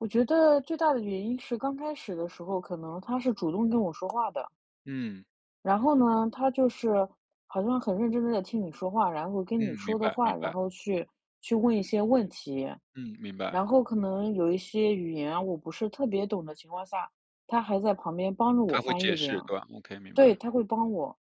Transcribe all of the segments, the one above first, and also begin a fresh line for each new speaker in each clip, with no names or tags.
我觉得最大的原因是，刚开始的时候可能他是主动跟我说话的。
嗯。
然后呢，他就是好像很认真地在听你说话，然后
嗯，
跟你
明
说的
白，明
话，然
白。
后去去问一些问题。
嗯，明
然
白。
后可能有一些语言啊，我不是特别懂的情况下，他还在旁边帮助我
他会
翻
解
译这
释，
样。
对吧？Okay，明
对，
白。
他会帮我，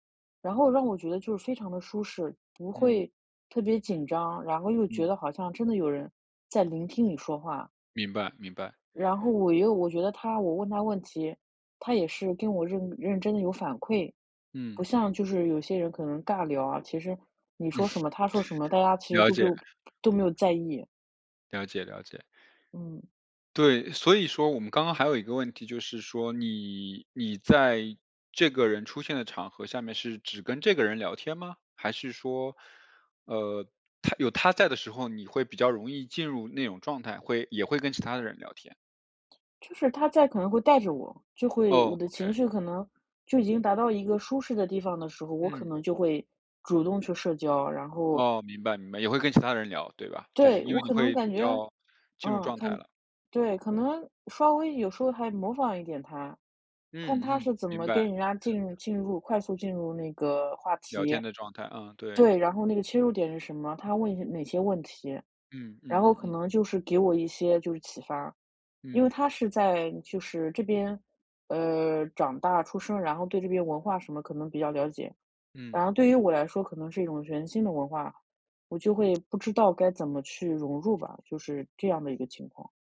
然后让我觉得就非常的舒适，不
嗯。
会特别紧张，然后又觉
嗯。
得好像真的有人在聆听你说话。
明白，明白。
然后我又我觉得他我问他问题，他也是跟我认认真地有反馈。
嗯。
不像就是有些人可能尬聊啊，其实你说什 么他说什么，大家其实
了
都没
解。
有都没有在意。
了解，了解。
嗯。
对，所以说我们刚刚还有一个问题，就是说你你在这个人出现的场合下面是只跟这个人聊天吗？还是说，呃，他有他在的时候，你会比较容易进入那种状态，会也会跟其他的人聊天。
就是他在可能会带着我，就会
哦
我的
，okay。
情绪可能就已经达到一个舒适的地方的时候，我可
嗯。
能就会主动去社交，然后
哦，明白，明白，也会跟其他人聊，对吧？就是
对，
因
我
为你
可能
会比
感觉
较进入
嗯，
状态
看
了。
对，可能稍微有时候还模仿一点他，看
嗯，
他
嗯，
是怎
明
么跟
白。
人家进入进入快速进入那个话
聊
题。
天的状态，嗯，对。
对，然后那个切入点是什么，他问一些哪些问题，
嗯，嗯
然后
嗯
可
嗯。
能就是给我一些就是启发。因为
嗯。
他是在就是这边，呃，长大出生，然后对这边文化什么可能比较了解。
嗯。
然后对于我来说可能是一种全新的文化，我就会不知道该怎么去融入吧，就是这样的一个情况。